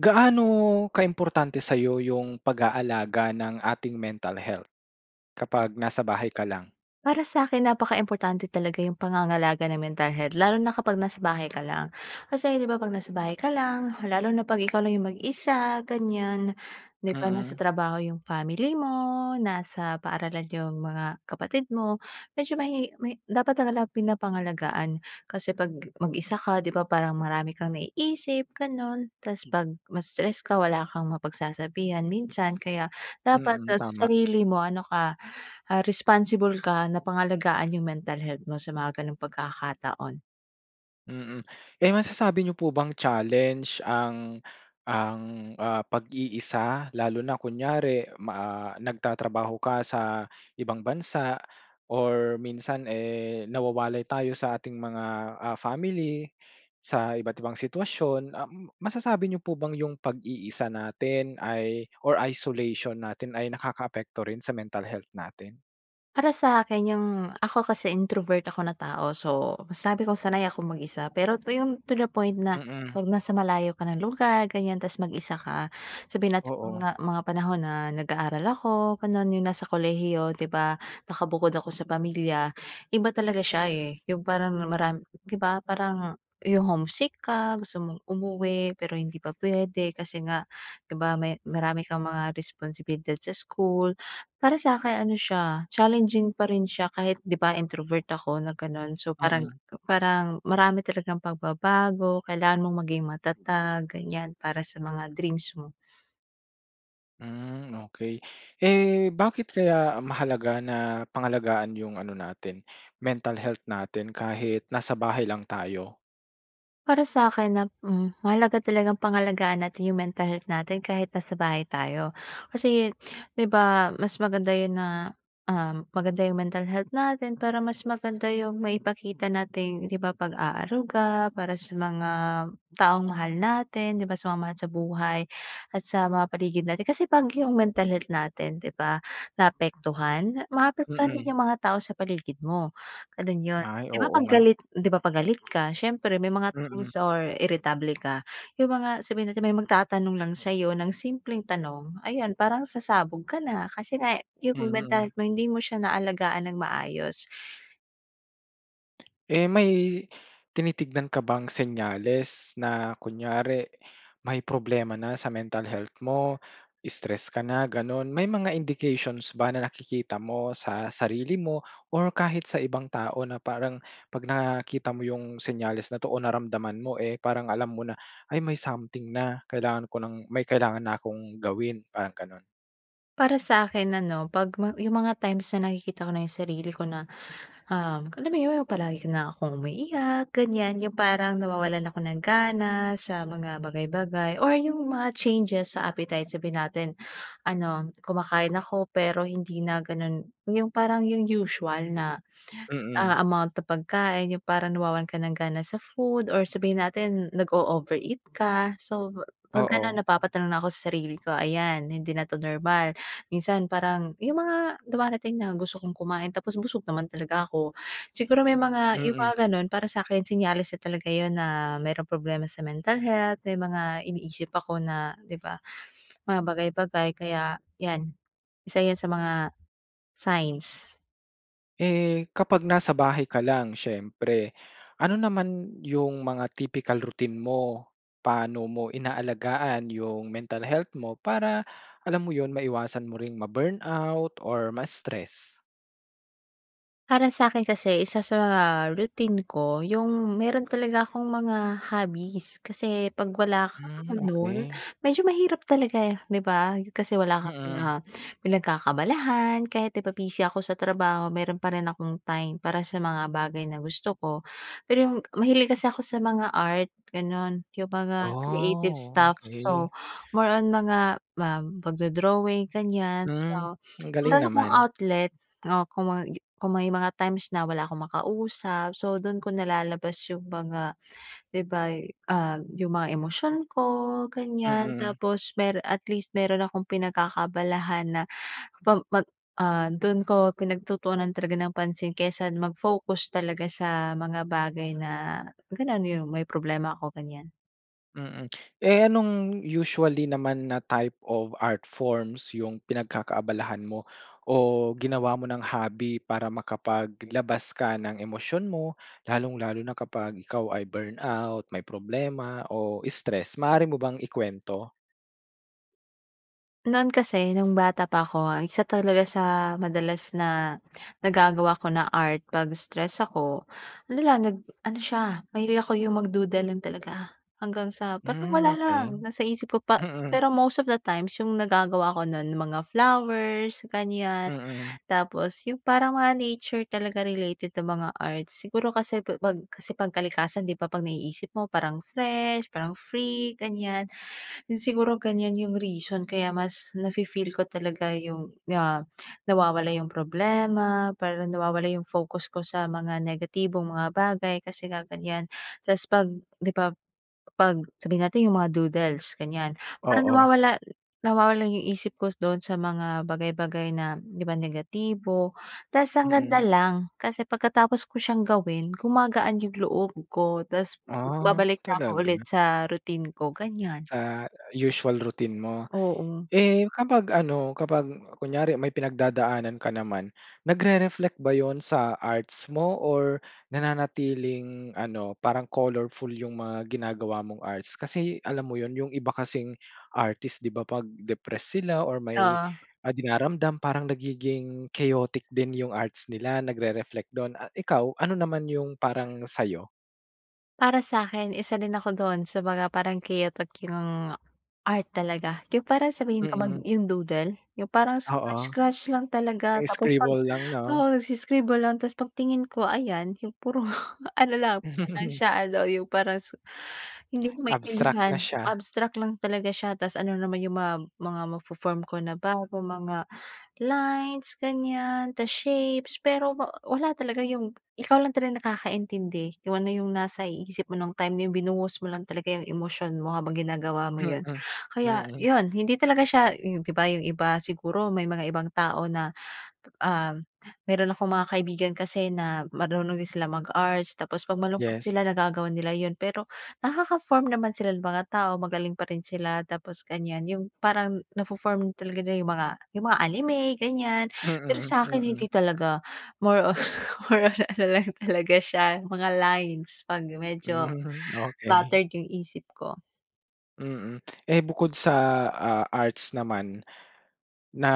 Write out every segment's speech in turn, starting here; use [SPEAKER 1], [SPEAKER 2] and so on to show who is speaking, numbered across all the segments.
[SPEAKER 1] Gaano ka-importante sayo yung pag-aalaga ng ating mental health? Kapag nasa bahay ka lang?
[SPEAKER 2] Para sa'kin napakaimportante talaga yung pangangalaga ng mental health lalo na kapag nasa bahay ka lang. Kasi 'di ba pag nasa bahay ka lang, lalo na 'pag ikaw lang yung mag-isa, ganyan. Di ba
[SPEAKER 1] Mm.
[SPEAKER 2] nasa trabaho yung family mo, nasa paaralan yung mga kapatid mo, medyo mahi may dapat talaga pinapangalagaan. Kasi 'pag mag-isa ka 'di ba? Parang marami kang naiisip ganun. Tapos 'pag ma-stress ka wala kang mapagsasabihan minsan kaya dapat
[SPEAKER 1] Mm
[SPEAKER 2] sa
[SPEAKER 1] tama.
[SPEAKER 2] sarili mo ano ka, ah, responsible ka na pangalagaan yung mental health mo sa mga ganong pagkakataon.
[SPEAKER 1] Mm. Eh masasabi niyo po bang challenge ang ang ah, pag-iisa lalo na kunyari ma ah, nagtatrabaho ka sa ibang bansa or minsan, eh, nawawalay tayo sa ating mga ah, family sa iba't ibang sitwasyon. Um masasabi niyo po bang yung pag-iisa natin ay or isolation natin ay nakaka-apekto rin sa mental health natin?
[SPEAKER 2] Para sa'kin yung ako kasi introvert ako na tao, so sabi ko, sanay akong mag-isa pero 'to yung to the point na
[SPEAKER 1] Mm.
[SPEAKER 2] 'pag nasa malayo ka na lugar, ganyan tapos mag-isa ka, sabihin natin na
[SPEAKER 1] Oo.
[SPEAKER 2] mga mga panahon na nag-aaral ako, gano'n, yung nasa kolehiyo, 'di ba nakabukod ako sa pamilya, iba talaga siya, eh. Yung parang maram 'di ba parang yung homesick ka, gusto mong umuwi pero hindi pa pwede kasi nga, 'di ba may marami kang mga responsibilidad sa school. Para sa'kin ano siya, challenging pa rin siya kahit 'di ba, introvert ako na gano'n, so parang
[SPEAKER 1] Mm.
[SPEAKER 2] parang marami talagang pagbabago. Kailangan mong maging matatag ganyan, para sa mga dreams mo.
[SPEAKER 1] Hmm, okey. Eh, bakit kaya mahalaga na pangalagaan yung ano natin, mental health natin kahit nasa bahay lang tayo?
[SPEAKER 2] Para sa'kin nap hmm, mahalaga talagang pangalagaan natin yung mental health natin kahit nasa bahay tayo kasi 'di ba, mas maganda yun na, uhm, maganda yung mental health natin para mas maganda yung maipakita nating 'di ba pag-aaruga para sa mga taong mahal natin 'di ba, sa mga mahal sa buhay, at sa mga paligid natin. Kasi 'pag yung mental health natin 'di ba, naapektuhan, maapektuhan din
[SPEAKER 1] Mm.
[SPEAKER 2] yung mga tao sa paligid mo, ganun yun.
[SPEAKER 1] Ay,
[SPEAKER 2] 'Di ba
[SPEAKER 1] oo
[SPEAKER 2] 'pag
[SPEAKER 1] nga.
[SPEAKER 2] galit 'di ba pag galit ka, siyempre may mga
[SPEAKER 1] Mm.
[SPEAKER 2] things or iritable ka, yung mga sabihin natin may magtatanong lang sa'yo ng simpleng tanong, ayun parang sasabog ka na kasi nga yung mental
[SPEAKER 1] Mhm.
[SPEAKER 2] health mo, hindi mo siya naalagaan ng maayos.
[SPEAKER 1] Eh, may tinitignan ka bang senyales na kunyari may problema na sa mental health mo? Stress ka na ganun? May mga indications ba na nakikita mo sa sarili mo? Or kahit sa ibang tao na parang pag nakita mo yung senyales na to o naramdaman mo, eh, parang alam mo na "Ay may something na. Kailangan ko ng may kailangan na akong gawin". Parang ganun?
[SPEAKER 2] Para sa akin ano pag mga yung mga times na nakikita ko na yung sarili ko na um alam yun yung palagi ka nalang akong umiiyak ganyan. Yung parang nawawalan ako ng gana sa mga bagay-bagay. Or yung mga changes sa appetite, sabihin natin ano kumakain ako pero hindi na ganun yung parang yung usual na
[SPEAKER 1] Mm.
[SPEAKER 2] ah, amount ng pagkain yung parang nawawalan ka ng gana sa food or sabihin natin nag-o-overeat ka. So pag ganun
[SPEAKER 1] Oo.
[SPEAKER 2] napapatanong na ako sa sarili ko. Ayan hindi na to normal, minsan parang yung mga dumarating na gusto kong kumain tapos busog naman talaga ako. Siguro may mga yung
[SPEAKER 1] Mm.
[SPEAKER 2] mga ganun, para sa'kin senyales na talaga yun na merong problema sa mental health, may mga iniisip ako na di ba mga bagay-bagay kaya yan isa yan sa mga signs.
[SPEAKER 1] Eh, kapag nasa bahay ka lang siyempre, ano naman 'yung mga typical routine mo? Pa'no mo inaalagaan 'yung mental health mo para, alam mo 'yun, maiwasan mo ring ma-burnout or ma-stress?
[SPEAKER 2] Para sa'kin kasi isa sa, ah, routine ko 'yung meron talaga akong mga hobbies, kasi 'pag wala ako
[SPEAKER 1] Hmm,
[SPEAKER 2] nun
[SPEAKER 1] okey.
[SPEAKER 2] medyo mahirap talaga, eh, 'di ba, kasi wala kang,
[SPEAKER 1] Mm.
[SPEAKER 2] ah, pinagkakaabalahan kahit, 'di ba, busy ako sa trabaho, meron pa rin akong time para sa mga bagay na gusto ko. Pero 'yung mahilig kasi ako sa mga art, gano'n 'yung mga creative
[SPEAKER 1] Oh,
[SPEAKER 2] stuff
[SPEAKER 1] okey.
[SPEAKER 2] so more on mga ma magdo-drawing, ganyan,
[SPEAKER 1] Hmm,
[SPEAKER 2] so
[SPEAKER 1] ang galing
[SPEAKER 2] meron akong
[SPEAKER 1] naman.
[SPEAKER 2] outlet, oh, kung ma kung may mga times na wala akong makausap, so dun ko nalalabas yung mga, 'di ba, ah, 'yung mga emosyon ko, ganyan,
[SPEAKER 1] Mm.
[SPEAKER 2] tapos mero at least meron akong pinagkakaabalahan na pa mag ah, dun ko pinagtutuunan talaga ng pansin kaysa mag-focus talaga sa mga bagay na ganun, 'yung may problema ako, ganyan.
[SPEAKER 1] Mm. Eh, anong usually naman na type of art forms yung pinagkakaabalahan mo o ginawa mo ng hobby para makapaglabas ka ng emosyon mo lalong-lalo na kapag ikaw ay burnout, may problema o stressed? Maaari mo bang ikwento?
[SPEAKER 2] Noon kasi, nung bata pa ako, isa talaga sa madalas na nagagawa ko na art 'pag stressed ako, ano lang, nag ano siya, mahilig ako yung mag-doodle lang talaga hanggang sa parang
[SPEAKER 1] Hmm,
[SPEAKER 2] wala
[SPEAKER 1] okey.
[SPEAKER 2] lang, nasa isip ko pa
[SPEAKER 1] Mm.
[SPEAKER 2] pero most of the times, yung nagagawa ko nun mga flowers, ganyan.
[SPEAKER 1] Mm.
[SPEAKER 2] Tapos yung parang mga nature talaga related na mga art. Siguro kasi pa 'pag kasi 'pag kalikasan, 'di ba 'pag naiisip mo parang fresh, parang free, ganyan. Yun siguro, ganyan yung reason kaya mas nafe-feel ko talaga yung, ah, nawawala yung problema, parang nawawala yung focus ko sa mga negatibong mga bagay, kasi nga ganyan. Tapos 'pag 'di ba 'pag, sabihin natin yung mga doodles, ganyan, parang
[SPEAKER 1] Oo.
[SPEAKER 2] nawawala nawawala yung isip ko dun sa mga bagay-bagay na 'di ba negatibo. Tapos ang ganda
[SPEAKER 1] Mm.
[SPEAKER 2] lang, kasi pagkatapos ko siyang gawin, gumagaan yung loob ko. Tapos
[SPEAKER 1] Ah,
[SPEAKER 2] babalik na ako ulit
[SPEAKER 1] talaga.
[SPEAKER 2] sa routine ko, ganyan.
[SPEAKER 1] Sa usual routine mo.
[SPEAKER 2] Oo.
[SPEAKER 1] Eh, kapag ano, kapag kunyari may pinagdadaanan ka naman, nagre-reflect ba yun sa arts mo or nananatiling ano, parang colorful yung mga ginagawa mong arts? Kasi, alam mo yun, yung iba kasing artist 'di ba 'pag depressed sila or may,
[SPEAKER 2] Oo.
[SPEAKER 1] ah, dinaramdam, parang nagiging chaotic din yung arts nila, nagre-reflect dun. Ah ikaw, ano naman yung parang sa'yo?
[SPEAKER 2] Para sa'kin isa din ako dun sa mga parang chaotic yung art talaga. Di ba yung parang sabihin kong mag
[SPEAKER 1] Mm.
[SPEAKER 2] yung doodle? Yung parang scratch
[SPEAKER 1] Oo.
[SPEAKER 2] scratch lang talaga.
[SPEAKER 1] Eh,
[SPEAKER 2] Tapos pag
[SPEAKER 1] scribble lang no?
[SPEAKER 2] oo nag-i scribble lang tas pag tingin ko ayan yung puro ano lang parang siya ano yung parang su hindi ko
[SPEAKER 1] Abstract na
[SPEAKER 2] maintindihan,
[SPEAKER 1] siya.
[SPEAKER 2] abstract lang talaga siya. Tas ano naman yung mga mga mafo-form ko na bago mga lines ganyan sa shapes. Pero wa wala talaga yung ikaw lang talaga nakakaintindi kung ano yung nasa i isip mo nung time na yung binuhos mo lang talaga yung emosyon mo habang ginagawa mo
[SPEAKER 1] Mm.
[SPEAKER 2] yun. Kaya
[SPEAKER 1] Mm.
[SPEAKER 2] yun hindi talaga siya yung di ba yung iba siguro may mga ibang tao na, ah, meron akong mga kaibigan kasi na marunong din silang mag-arts tapos pag malungkot sila
[SPEAKER 1] Yes.
[SPEAKER 2] nagagawa nila yun. Pero nakaka-form naman sila ng mga tao magaling pa rin sila tapos ganyan yung parang nafo-form talaga nila yung mga yung mga anime ganyan. Pero
[SPEAKER 1] Mm,
[SPEAKER 2] sa'kin hindi
[SPEAKER 1] mm.
[SPEAKER 2] talaga. More on more on ano lang talaga siya mga lines pag medyo
[SPEAKER 1] Hmm, okey.
[SPEAKER 2] bothered yung isip ko.
[SPEAKER 1] Mm. Eh bukod sa, ah, arts naman, na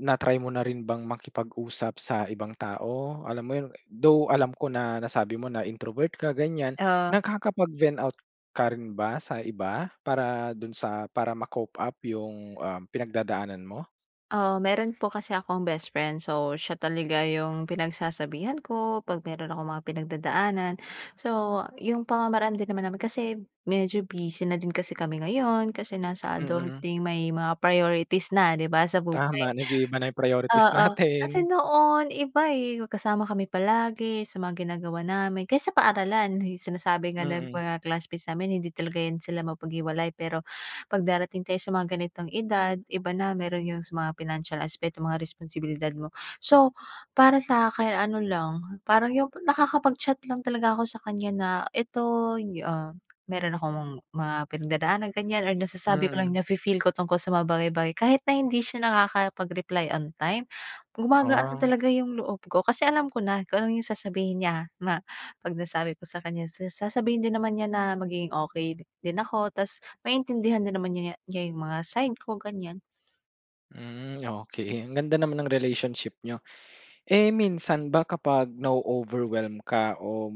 [SPEAKER 1] na-try mo na rin bang makipag-usap sa ibang tao? Alam mo yu though alam ko na nasabi mo na introvert ka ganyan,
[SPEAKER 2] Ah.
[SPEAKER 1] nagkakapag-vent out ka rin ba sa iba? Para dun sa para ma-cope up yung um pinagdadaanan mo?
[SPEAKER 2] Oo meron po kasi akong bestfriend. So siya talaga yung pinagsasabihan ko 'pag meron akong mga pinagdadaanan. So yung pamamaraan din naman namin kasi medyo busy na din kasi kami ngayon kasi nasa
[SPEAKER 1] Mm.
[SPEAKER 2] adulting, may mga priorities na di ba sa buhay.
[SPEAKER 1] Tama, nag-iiba na yung priorities
[SPEAKER 2] Oo
[SPEAKER 1] natin.
[SPEAKER 2] kasi noon iba eh, magkasama kami palagi sa mga ginagawa namin kahit sa paaralan, sinasabi nga ng
[SPEAKER 1] Mm.
[SPEAKER 2] mga classmates namin hindi talaga yan sila mapaghiwalay. Pero 'pag darating tayo sa mga ganitong edad, iba na. Meron yung sa mga pinansiyal aspeto, mga responsibilidad mo. So para sakin, ano lang parang yung nakakapag-chat lang talaga ako sakanya na eto ah, meron akong mga pinagdadaanan ganyan or nasasabi ko lang
[SPEAKER 1] Mm.
[SPEAKER 2] na-fe-feel ko tungkol sa mga bagay-bagay. Kahit na hindi siya nakakapag-reply on time. Gumagaan na
[SPEAKER 1] Ah.
[SPEAKER 2] talaga yung loob ko kasi alam ko na kung ano yung sasabihin niya na 'pag nasabi ko sakanya, sa sasabihin din naman niya na magiging okey din ako tapos maintindihan din naman niya niya yung mga side ko ganyan.
[SPEAKER 1] Hmm, okey. Ang ganda naman ng relationship n'yo. Eh, minsan ba, kapag na-o-overwhelm ka o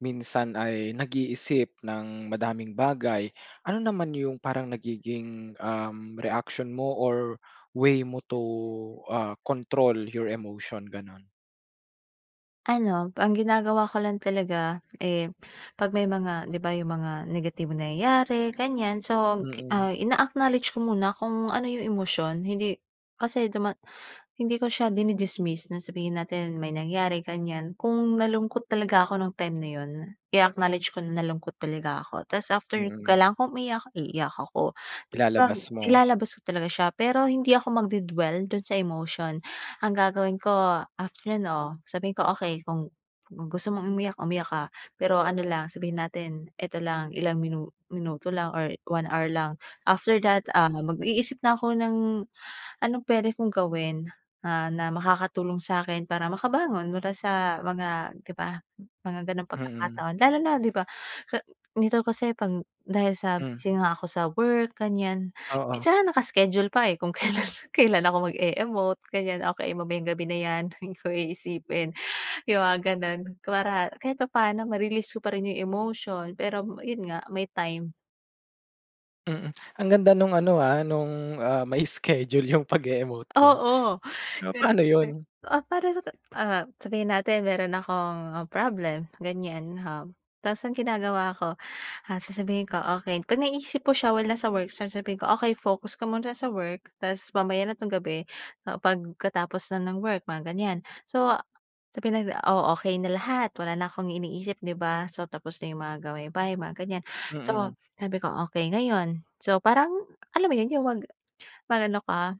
[SPEAKER 1] minsan ay nag-iisip ng madaming bagay, ano naman yung parang nagiging, uhm, reaction mo or way mo to, ah, control your emotion, ganun?
[SPEAKER 2] Ano, ang ginagawa ko lang talaga, eh, 'pag may mga 'di ba, yung mga negatibong nangyayari, ganyan. So, gi
[SPEAKER 1] Mm.
[SPEAKER 2] ah, ina-acknowledge ko muna kung ano yung emosyon, hindi kasi duma hindi ko siya dini-dismiss na sabihin natin may nangyari, ganyan. Kung nalungkot talaga ako nung time na 'yon, i-acknowledge ko na nalungkot talaga ako. Ta's after kung
[SPEAKER 1] Mm.
[SPEAKER 2] kailangan kong umiyak, iiyak ako. Kapag
[SPEAKER 1] Ilalabas mo.
[SPEAKER 2] ilalabas ko talaga siya, pero hindi ako magde-dwell dun sa emotion. Ang gagawin ko after, 'no, sabihin ko, okey kung kung gusto mong umiyak, umiyak ka. Pero ano lang, sabihin natin eto lang, ilang minu minuto lang or 1 hour lang, after that, ah, mag-iisip na ako ng anong pwede kong gawin, ah, na makakatulong sa'kin para makabangon mula sa mga di ba, mga gano'ng
[SPEAKER 1] Mm.
[SPEAKER 2] pagkakataon. Lalo na, di ba, ka nito kasi pang dahil sa
[SPEAKER 1] Hmm.
[SPEAKER 2] busy nga ako sa work, ganyan.
[SPEAKER 1] Oo.
[SPEAKER 2] Minsan naka-schedule pa, eh, kung kailan kailan ako mag-e-emote, ganyan, okey mamayang gabi na 'yan. Hindi ko iisipin. Yung mga gano'n. Para kahit papa'no ma-release ko pa rin yung emotion, pero yun nga, may time.
[SPEAKER 1] Mm. Ang ganda nung ano ah nung, ah, may schedule yung pag e-emote mo.
[SPEAKER 2] Oo,
[SPEAKER 1] So, paano yun?
[SPEAKER 2] ga oh, parang na ah, ah, sabihin natin meron akong problem, ganyan. Um, tas ang ginagawa ko ah, sasabihin ko, okey pag naiisip po siya while nasa work, sasabihin ko, okey focus ka muna sa work tas mamaya na tong gabi, ah, pagkatapos na ng work, mga ganyan. So, sabihin natin, oh, okey na lahat, wala na akong iniisip, di ba. So tapos na yung mga gawaing bahay, mga ganyan. So
[SPEAKER 1] Mm.
[SPEAKER 2] sabi ko, okey ngayon, so parang, alam mo yun? Yung mag mag-ano ka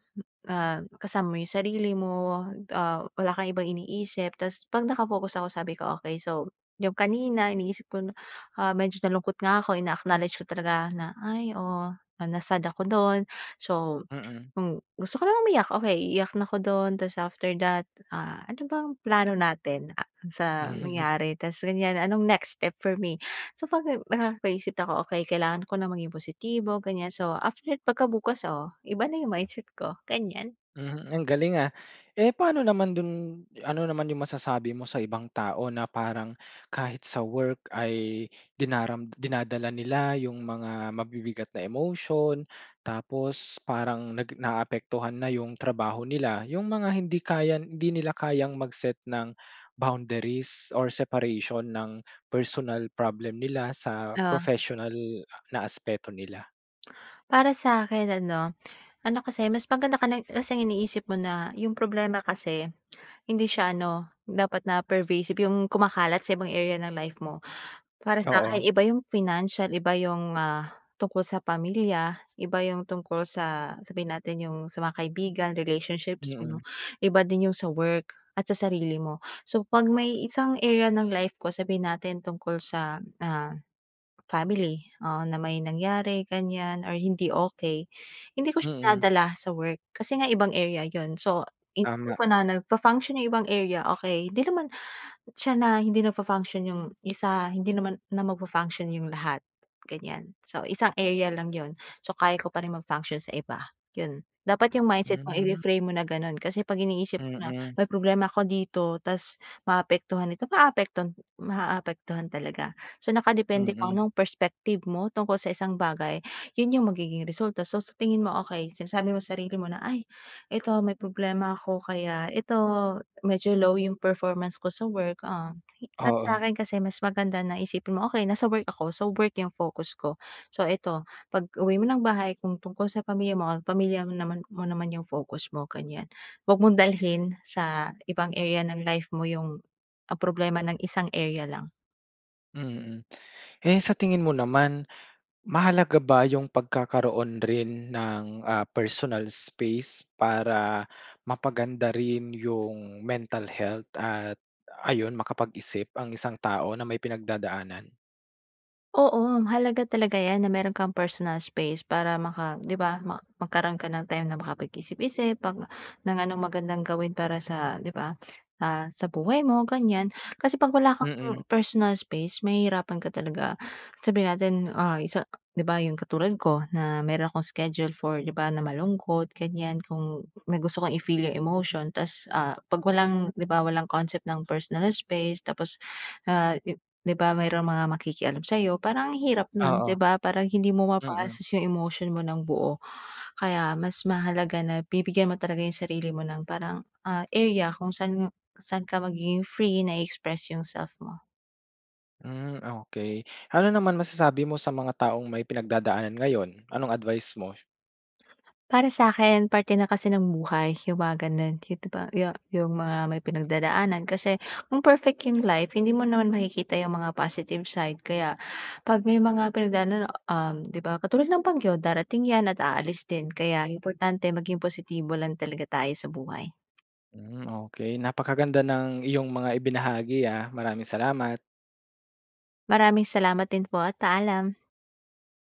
[SPEAKER 2] ah, kasama mo yung sarili mo, ah, wala kang ibang iniisip tas pag naka-focus ako sabi ko, okey so, yung kanina iniisip ko na, ah, medyo nalungkot nga ako ina acknowledge ko talaga na, ay oo na-sad ako dun. So,
[SPEAKER 1] Mm.
[SPEAKER 2] kung gusto ko na umiyak, okey, iiyak na ako dun tas after that, ah, ano bang plano natin? Ah, sa nangyari? Tas ganyan, anong next step for me? So, pag nakakapag-isip ako, okey kailangan ko nang maging positibo, ganyan, so after, pagkabukas, oh, iba na yung mindset ko, ganyan.
[SPEAKER 1] Mhm, ang galing, ah. Eh, paano naman dun ano naman yung masasabi mo sa ibang tao na parang kahit sa work ay dinaram dinadala nila yung mga mabibigat na emotion. Tapos parang nag na a-apektuhan na yung trabaho nila, yung mga hindi kayang hindi nila kayang mag-set ng bounderies or separation ng personal problem nila sa
[SPEAKER 2] Oh.
[SPEAKER 1] professional na aspeto nila?
[SPEAKER 2] Para sa akin ano, ano kasi, mas maganda ka na kasi ang iniisip mo na yung problema kasi hindi siya ano dapat na pervasive, yung kumakalat sa ibang area ng life mo. Para sa'kin
[SPEAKER 1] Oo.
[SPEAKER 2] iba yung financial, iba yung, ah, tungkol sa pamilya, iba yung tungkol sa, sabihin natin yung sa mga kaibigan, relationships mo,
[SPEAKER 1] Mm.
[SPEAKER 2] iba din yung sa work, at sa sarili mo. So, 'pag may isang area ng life ko, sabihin natin tungkol sa, ah, family, oo, na may nangyari ganyan or hindi okey, hindi ko siya
[SPEAKER 1] Mm.
[SPEAKER 2] dinadala sa work kasi nga ibang area yun. So,
[SPEAKER 1] Tama.
[SPEAKER 2] iniisip ko na nagfa-function yung ibang area, okey. 'Di naman siya na hindi nagfa-function yung isa hindi naman na magfa-function yung lahat, ganyan. So, isang area lang 'yon. So, kaya ko pa ring mag-function sa iba, yun. Dapat yung mindset mo
[SPEAKER 1] Mm.
[SPEAKER 2] ifi-frame mo na gano'n. Kasi 'pag iniisip mo na
[SPEAKER 1] Mm.
[SPEAKER 2] may problema ako dito ta's maaapektuhan ito, maaapektuhan maaapektuhan talaga. So, nakadepende kung
[SPEAKER 1] Mm.
[SPEAKER 2] anong perspective mo tungkol sa isang bagay, yun yung magiging resulta. So, sa tingin mo, okey, sinasabi mo sarili mo na, "Ay, ito may problema ako kaya ito medyo low yung performance ko sa work." Ah, para
[SPEAKER 1] Oo.
[SPEAKER 2] sa'kin kasi mas maganda na isipin mo, "Okey, nasa work ako, so, work yung focus ko." So, eto pag-uwi mo ng bahay kung tungkol sa pamilya mo o pamilya mo naman mo naman yung focus mo, ganyan. 'Wag mong dalhin sa ibang area ng life mo yung ang problema ng isang area lang.
[SPEAKER 1] Mm, hmm. Eh, sa tingin mo naman, mahalaga ba yung pagkakaroon rin ng, ah, personal space para mapaganda rin yung mental health at ayun makapag-isip ang isang tao na may pinagdadaanan?
[SPEAKER 2] Oo, mahalaga talaga 'yan na meron kang personal space, para maka di ba, ma magkaroon ka ng time na makapag isip-isip 'pag ng anong magandang gawin para sa di ba, ah, sa buhay mo, ganyan. Kasi 'pag wala kang
[SPEAKER 1] Mm.
[SPEAKER 2] personal space, mahihirapan ka talaga. Sabihin natin, ah, isa di ba, yung katulad ko na meron akong schedule for di ba na malungkot, ganyan. Kung na gusto kang i-feel yung emotion ta's, ah, 'pag walang di ba, walang concept ng personal space tapos, ah, i di ba, mayro'ng mga makikialam sa'yo parang ang hirap nun, di
[SPEAKER 1] Oo.
[SPEAKER 2] ba? Parang hindi mo
[SPEAKER 1] Mm.
[SPEAKER 2] ma-process yung emotion mo ng buo, kaya mas mahalaga na bibigyan mo talaga yung sarili mo ng parang, ah, area kung saan saan ka magiging free, na i-express yung self mo.
[SPEAKER 1] Hm, okey. Ano naman masasabi mo sa mga taong may pinagdadaanan ngayon, anong advice mo?
[SPEAKER 2] Para sa'kin parte na kasi ng buhay yung mga ganun, yun, di ba, yung yung mga may pinagdadaanan. Kasi kung perfect yung life, hindi mo naman makikita yung mga positive side. Kaya 'pag may mga pinagdaanan, uhm, di ba katulad ng bagyo, darating 'yan at aalis din. Kaya importante maging positibo lang talaga tayo sa buhay.
[SPEAKER 1] Hmm, okey. Napakaganda ng iyong mga ibinahagi, ah, maraming salamat!
[SPEAKER 2] Maraming salamat din po at paalam.